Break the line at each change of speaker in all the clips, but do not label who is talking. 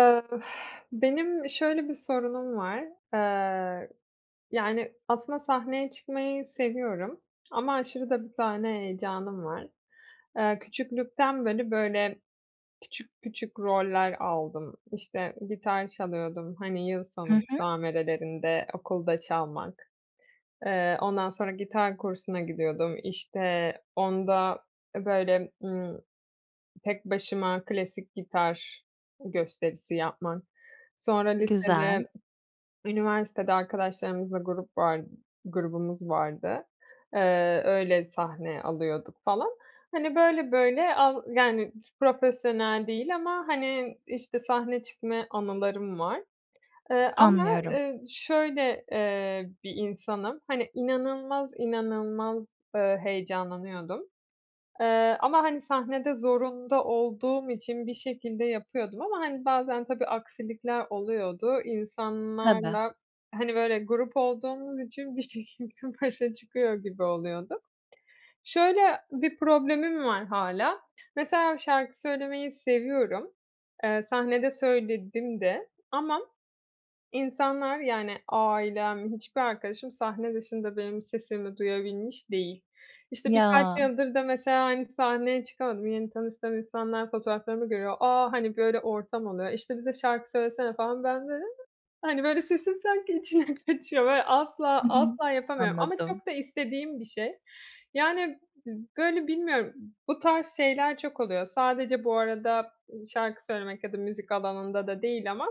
Iıı, benim, şöyle, bir sorunum var. Eee, yani, aslında sahneye çıkmayı seviyorum ama aşırı da bir sahne heyecanım var. Eee, küçüklükten beri, böyle, küçük küçük roller aldım. İşte, gitar çalıyordum, hani, yıl
Hı
sonu
hı.
müsamerelerinde okulda çalmak. Eee, ondan sonra gitar kursuna gidiyordum. İşte, onda, e, böyle, ımm, tek başıma klasik gitar gösterisi yapmak, sonra
Güzel.
lisede, üniversitede arkadaşlarımızla grup var grubumuz vardı. Iıı, öyle, sahne alıyorduk, falan. Hani, böyle, böyle, al yani, profesyonel değil ama, hani, işte, sahne çıkmaya anılarım var. Eee, ama,
Anlıyorum.
ııı, şöyle, eee, bir insanım, hani, inanılmaz, inanılmaz, eee, heyecanlanıyordum. Eee, ama, hani, sahnede zorunda olduğum için bir şekilde yapıyordum ama, hani, bazen, tabii aksilikler oluyordu.
Tabii.
İnsanlarla, hani, böyle, grup olduğumuz için bir şekilde başa çıkıyor gibi oluyorduk. Şöyle, bir problemim var hâlâ, mesela şarkı söylemeyi seviyorum, eee, sahnede söyledim de ama insanlar, yani, ailem, hiçbir arkadaşım, sahne dışında benim sesimi duyabilmiş değil. İşte, birkaç
Ya.
yıldır da mesela, hani, sahneye çıkamadım, yeni tanıştığım insanlar fotoğraflarımı görüyor, aaa, hani, böyle, ortam oluyor, işte, ”bize şarkı söylesene” falan, ben ,böyle, hani, böyle, sesim sanki içine kaçıyor böyle, asla,
Hı hı.
asla, yapamıyorum ama
Anladım.
çok da istediğim bir şey. Yani, b böyle, bilmiyorum, bu tarz şeyler çok oluyor. Sadece, bu arada, şarkı söylemek ya da müzik alanında da değil ama,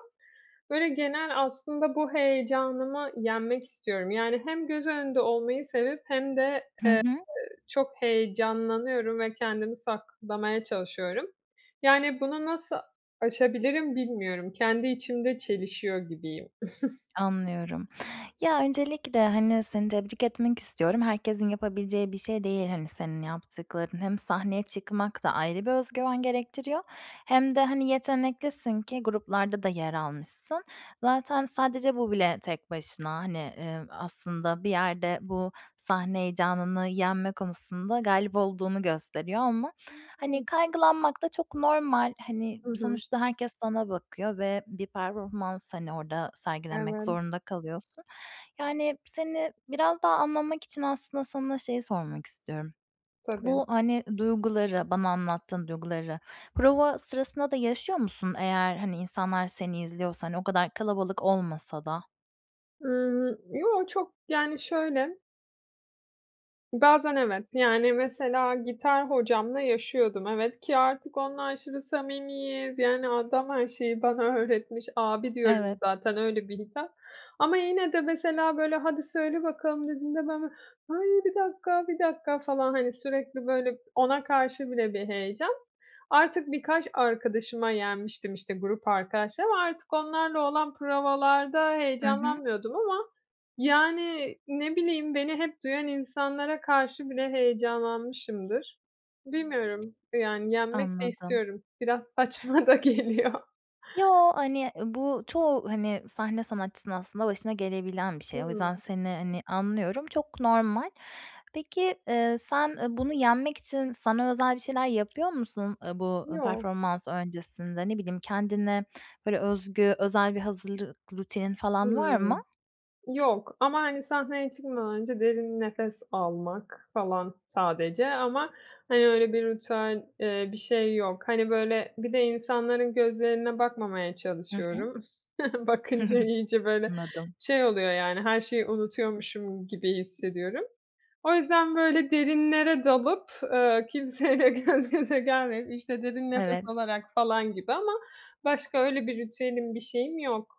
böyle, genel, aslında, bu heyecanımı yenmek istiyorum. Yani, hem göz önünde olmayı sevip, hem de, eee,
Hı hı.
çok heyecanlanıyorum ve kendimi saklamaya çalışıyorum. Yani, bunu nasıl aşabilirim bilmiyorum, kendi içimde çelişiyor gibiyim.
Anlıyorum. Ya, öncelikle, hani, seni tebrik etmek istiyorum, herkesin yapabileceği bir şey değil, hani, senin yaptıkların. Hem sahneye çıkmak da ayrı bir özgüven gerektiriyor hem de, hani, yeteneklisin ki gruplarda da yer almışsın. Zaten, sadece, bu bile tek başına, hani, ııı, aslında, bir yerde, bu, sahne heyecanını yenme konusunda galip olduğunu gösteriyor ama, hani,
[unintelligible]
kaygılanmak da çok normal, hani,
Hı hı.
sonuçta, herkes sana bakıyor ve bir performans, hani, orada sergilemek
Evet.
zorunda kalıyorsun. Yani, seni biraz daha anlamak için, aslında, sana, şeyi, sormak istiyorum.
Tabii.
Bu, hani, duyguları, bana anlattığın duyguları, prova sırasında da yaşıyor musun? Eğer, hani, insanlar seni izliyorsa, hani, o kadar kalabalık olmasa da?
Iıı, yo. Çok, yani, şöyle bazen, evet. Yani, mesela gitar hocamla yaşıyordum, evet, ki artık onunla şimdi samimiyiz. Yani, adam her şeyi bana öğretmiş. "Abi" diyorum
Evet.
zaten. Öyle bir. [unintelligible] Ama yine de mesela, böyle: "Hadi, söyle bakalım." dediğinde ben böyle: "Ay, bir dakika, bir dakika!" falan, hani, sürekli, böyle, ona karşı bile bir heyecan. Artık birkaç arkadaşıma yenmiştim, işte, grup arkadaşlarıma. Artık onlarla olan provalarda
Hı hı.
heyecanlanmıyordum ama, yani, ne bileyim, beni hep duyan insanlara karşı bile heyecanlanmışımdır. Bilmiyorum. Yani, yenmek de
Anladım.
istiyorum biraz saçma da geliyor.
Yo, hani, ııı, bu çoğu, hani, sahne sanatçısının aslında başına gelebilen bir şey. O
Hımm.
yüzden seni, hani, anlıyorum. Çok normal. Peki, eee, sen, eee, bunu yenmek için sana özel bir şeyler yapıyor musun? Iıı, bu, ııı,
Yok.
performans öncesinde, ne bileyim, kendine, böyle, özgü özel bir hazırlık rutinin falan var mı?
Hımm. Yok. Ama, hani, sahneye çıkmadan önce derin nefes almak falan sadece ama, hani, öyle bir ritüel, eee, bir şey yok. Hani, böyle, bir de insanların gözlerine bakmamaya
Hı hı.
çalışıyorum. Bakınca iyice, böyle,
Anladım.
şey, oluyor, yani, her şeyi unutuyormuşum gibi hissediyorum. O yüzden, böyle, derinlere dalıp, eee, kimseyle gözgöze gelmeyip, işte, derin nefes
Evet.
alarak falan gibi ama başka öyle bir ritüelim bir şeyim yok.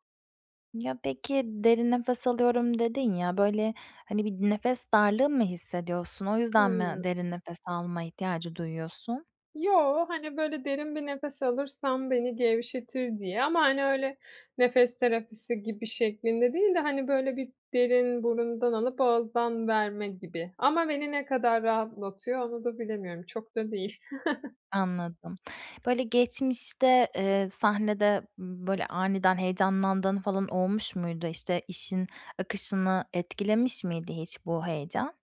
Ya, peki, "derin nefes alıyorum" dedin ya, böyle, hani bir nefes darlığı mı hissediyorsun? O yüzden mi
Hımm.
derin nefes alma ihtiyacı duyuyorsun?
Yo, hani, böyle, derin bir nefes alırsam beni gevşetir diye ama, hani, öyle, nefes terapisi gibi şeklinde değil de, hani, böyle, bir derin burundan alıp ağızdan verme gibi ama beni ne kadar rahatlatıyor, onu da bilemiyorum, çok da değil.
Anladım. Böyle
[unintelligible]
geçmişte, eee, sahnede, ımm, böyle aniden heyecanlandığın falan olmuş muydu? İşte, işin akışını etkilemiş miydi hiç bu heyecan?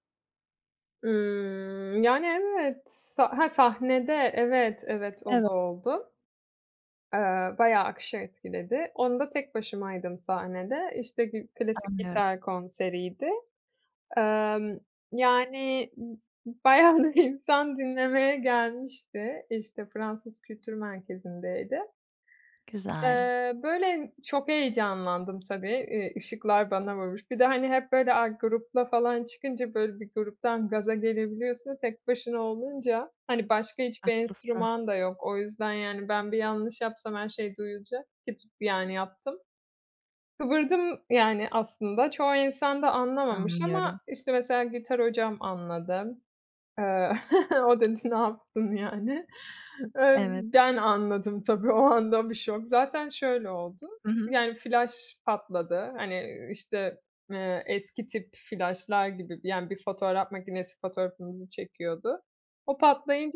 Imm, yani, evet, a ha sahnede evet, evet o
Eve
da oldu. Iıı, bayağı akışı etkiledi. Onda tek başımaydım sahnede. İşte, gi klasik
Anlıyorum.
gitar konseriydi. Emm, yani, b bayağı bir insan dinlemeye gelmişti. İşte, Fransız Kültür Merkezi'ndeydi.
Güzel.
Eee, böyle, çok heyecanlandım tabii, iii, ışıklar bana vurmuş. Bir de, hani, hep, böyle, a, grupla falan çıkınca, böyle, bir gruptan gaza gelebiliyorsun, tek başına olunca, hani, başka hiçbir
Haklısın.
enstrüman da yok. O yüzden, yani, ben bir yanlış yapsam her şey duyulacak, ki tut yani yaptım. Kıvırdım yani aslında, çoğu insan da anlamamış
Anlıyorum.
ama, işte, mesela, gitar hocam anladı, eee, o dedi: "Ne yaptın?" yani, ııı,
Evet.
ben anladım tabii o anda bir şok! Zaten şöyle oldu,
Hı hı.
yani flaş patladı, hani, ııı, işte, eee, eski tip flaşlar gibi, d yani, bir fotoğraf makinesi fotoğrafımızı çekiyordu. O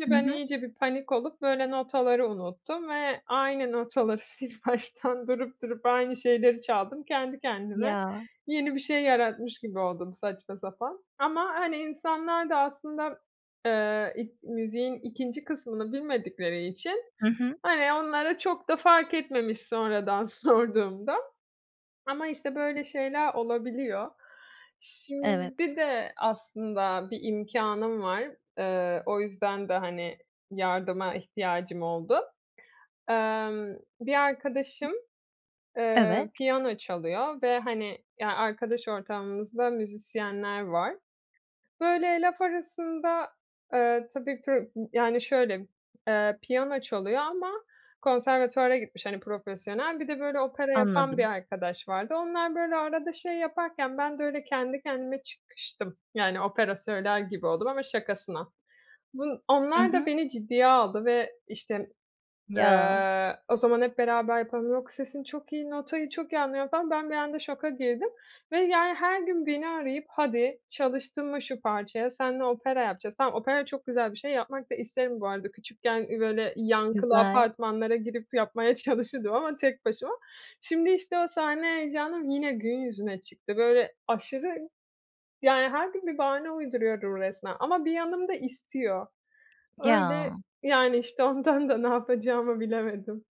Hı
ben
hı.
iyice bir panik olup böyle notaları unuttum ve aynı notaları sil baştan durup, durup aynı şeyleri çaldım. Kendi kendime
Ya.
yeni bir şey yaratmış gibi oldum, saçma sapan. Ama, hani, insanlar da aslında, eee, ik müziğin 2'nci kısmını bilmedikleri için,
Hı hı.
hani, onlara çok da fark etmemiş, sonradan sorduğumda, ama işte böyle şeyler olabiliyor.
Evet.
Şimdi de aslında bir imkânım var, ııı, o yüzden de, hani, yardıma ihtiyacım oldu. Emm, bir arkadaşım, eee,
Evet.
piyano çalıyor ve hani, ya, arkadaş ortamımızda müzisyenler var. Böyle laf arasında, eee, tabii, pı yani şöyle, eee, piyano çalıyor ama konservatuvara gitmiş, hani, profesyonel. Bir de, böyle, opera yapan bir
Anladım.
arkadaş vardı. Onlar, böyle, arada şey yaparken ben de öyle kendi kendime çıkıştım, yani, opera söyler gibi oldum ama şakasına. Bun
Hı
onlar da
hı.
beni ciddiye aldı ve işte,
Ya.
eee, o zaman "Hep beraber yapalım.", yok, "Sesin çok iyi.", notayı çok iyi anlıyorum falan. Ben bir anda şoka girdim ve, yani, her gün beni arayıp "Hadi, çalıştın mı şu parçaya, senle opera yapacağız." Tamam, opera çok güzel bir şey, yapmak da isterim bu arada küçükken, iii, böyle yankılı
Güzel.
apartmanlara girip yapmaya çalışırdım ama tek başıma. Şimdi, işte, o sahne heyecanım yine gün yüzüne çıktı. Böyle, aşırı, yani her gün bir bahane uyduruyorum resmen, ama bir yanım da istiyor. Öyle,
Ya.
yani, işte ondan da ne yapacağımı bilemedim.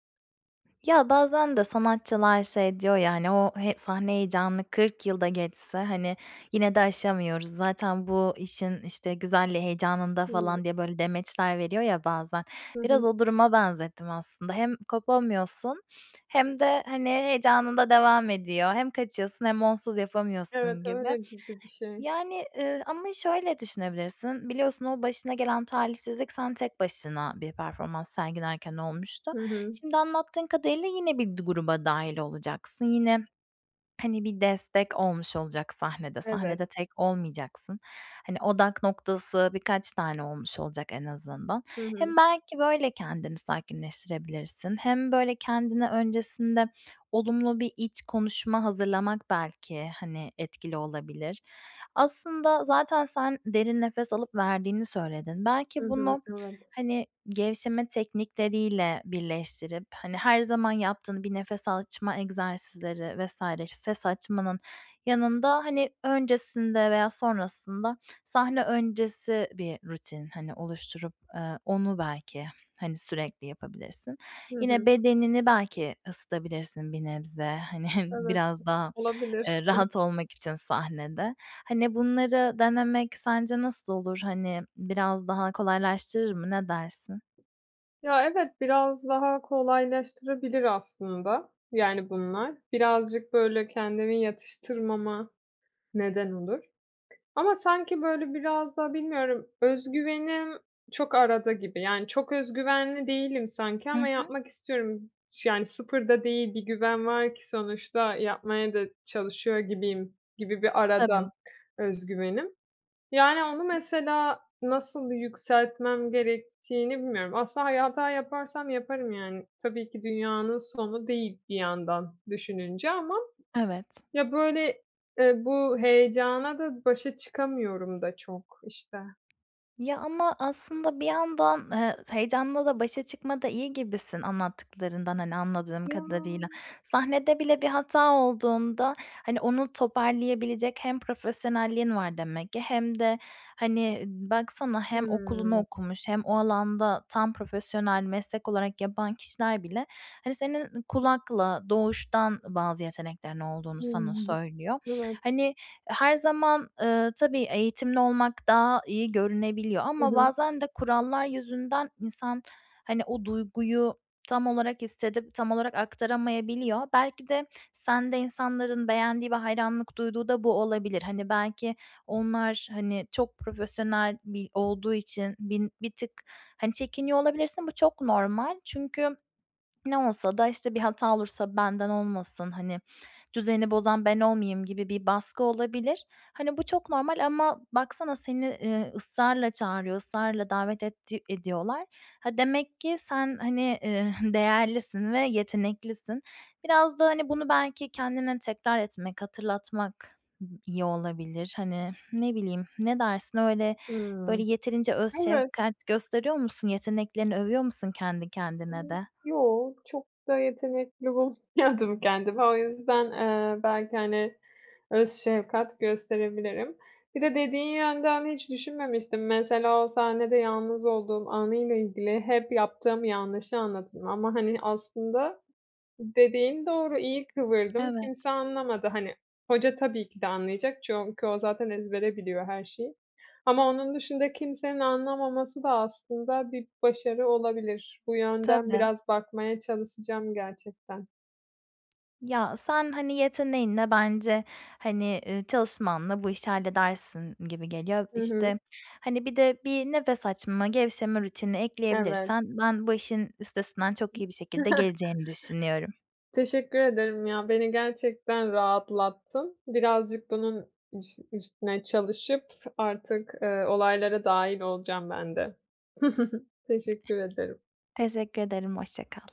Ya, bazen de sanatçılar şey diyor ya hani, ”O he sahne heyecanını kırk yıl da geçse, hani, yine de aşamıyoruz. Zaten bu işin, işte, güzelliği heyecanında.”
Hıı.
falan diye böyle demeçler veriyor ya bazen.
Hı
Biraz
hı.
o duruma benzettim aslında. Hem kopamıyorsun hem de, hani, heyecanın da devam ediyor. Hem kaçıyorsun hem onsuz
Evet,
yapamıyorsun gibi.
öyle gibi bir şey.
Yani, ııı, ama şöyle düşünebilirsin. Biliyorsun, o başına gelen talihsizlik sen tek başına bir performans sergilerken olmuştu.
Hı hı.
Şimdi anlattığın kadarıyla yine bir du gruba dâhil olacaksın yine, hani, bir destek olmuş olacak sahnede.
Evet.
Sahnede tek olmayacaksın. Hani, odak noktası birkaç tane olmuş olacak en azından.
Hı hı.
Hem belki böyle kendini sakinleştirebilirsin hem, böyle, kendine öncesinde olumlu bir iç konuşma hazırlamak belki, hani, etkili olabilir. Aslında zaten sen derin nefes alıp verdiğini söyledin.
Hı
Belki
hı,
bunu,
evet.
hani, gevşeme teknikleriyle birleştirip, hani, her zaman yaptığın bir nefes açma egzersizleri vs. ses açmanın yanında, hani, öncesinde veya sonrasında sahne öncesi bir rutin, hani, oluşturup, eee, onu belki, hani, sürekli yapabilirsin.
Hı
Yine
hı.
bedenini belki ısıtabilirsin bir nebze, hani,
Evet.
biraz daha,
Olabilir.
eee, rahat olmak için sahnede. Hani, bunları denemek sence nasıl olur? Hani, biraz daha kolaylaştırır mı? Ne dersin?
Ya evet, biraz daha kolaylaştırabilir aslında, yani, bunlar. Birazcık, böyle, kendimi yatıştırmama neden olur. Ama sanki, böyle, biraz da bilmiyorum, öz güvenim çok arada gibi, yani, çok öz güvenli değilim sanki
Hı
ama
hı.
yapmak istiyorum. Ş yani, sıfır da değil bir güven var ki sonuçta yapmaya da çalışıyor gibiyim gibi bir arada
Tabii.
öz güvenim. Yani, onu mesela nasıl yükseltmem gerektiğini bilmiyorum. Aslında, hani, hata yaparsam yaparım; yani, tabii ki dünyanın sonu değil bir yandan düşününce ama
Evet.
ya, böyle, eee, bu heyecana da başa çıkamıyorum da çok, işte.
Ya ama aslında bir yandan, eee, heyecanla da başa çıkmada iyi gibisin anlattıklarından, hani, anladığım
Ya!
kadarıyla. Sahnede bile bir hata olduğunda, hani, onu toparlayabilecek hem profesyonelliğin var demek ki hem de, hani, baksana hem okulunu
Hımm.
okumuş hem o alanda tam profesyonel meslek olarak yapan kişiler bile, hani, senin kulakla doğuştan bazı yeteneklerin olduğunu sana
Hımm.
söylüyor.
Evet.
Hani, her zaman, ııı, tabii, eğitimli olmak daha iyi görünebiliyor
Hı
ama
hı.
bazen de kurallar yüzünden insan, hani, o duyguyu tam olarak hissedip tam olarak aktaramayabiliyor. Belki de sende insanların beğendiği ve hayranlık duyduğu da bu olabilir. Hani, belki onlar, hani, çok profesyonel bir olduğu için bin bir tık, hani, çekiniyor olabilirsin. Bu çok normal. Çünkü ne olsa da, işte, bir hata olursa benden olmasın, hani, düzeni bozan ben olmayayım gibi bir baskı olabilir. Hani, bu çok normal ama baksana seni, ııı, ısrarla çağırıyor, ısrarla davet etti ediyorlar. Ha demek ki sen, hani, eee, değerlisin ve yeteneklisin. Biraz da, hani, bunu belki kendine tekrar etmek, hatırlatmak iyi olabilir. Hani, ne bileyim, ne dersin? Öyle, böyle,
Hımm.
yeterince öz
Evet.
şefkat gösteriyor musun? Yeteneklerini övüyor musun kendi kendine
[unintelligible]
de?
Yoo, çok da yetenekli bulmuyordum kendimi. O yüzden, ııı, belki, hani, öz şefkat gösterebilirim. Bir de dediğin yönden hiç düşünmemiştim. Mesela o sahnede yalnız olduğum anıyla ilgili hep yaptığım yanlışı anlatırım ama, hani, aslında dediğin doğru. İyi kıvırdım. Kimse
Evet.
anlamadı, hani. Hoca tabii ki de anlayacak çünkü o zaten ezbere biliyor her şeyi. Ama onun dışında kimsenin anlamaması da aslında bir başarı olabilir. Bu yönden
Tabii.
biraz bakmaya çalışacağım gerçekten.
Ya sen, hani, yeteneğinle bence, hani, ııı, çalışmanla bu işi halledersin gibi geliyor.
Hı hı.
İşte, hani, bir de bir nefes açma, gevşeme rutini
Evet.
ekleyebilirsen ben bu işin üstesinden çok iyi bir şekilde geleceğini düşünüyorum.
Teşekkür ederim, ya. Beni gerçekten rahatlattın. Birazcık bunun üs üstüne çalışıp artık, ııı, olaylara dâhil olacağım ben de. Teşekkür ederim.
Teşekkür ederim, hoşça kal.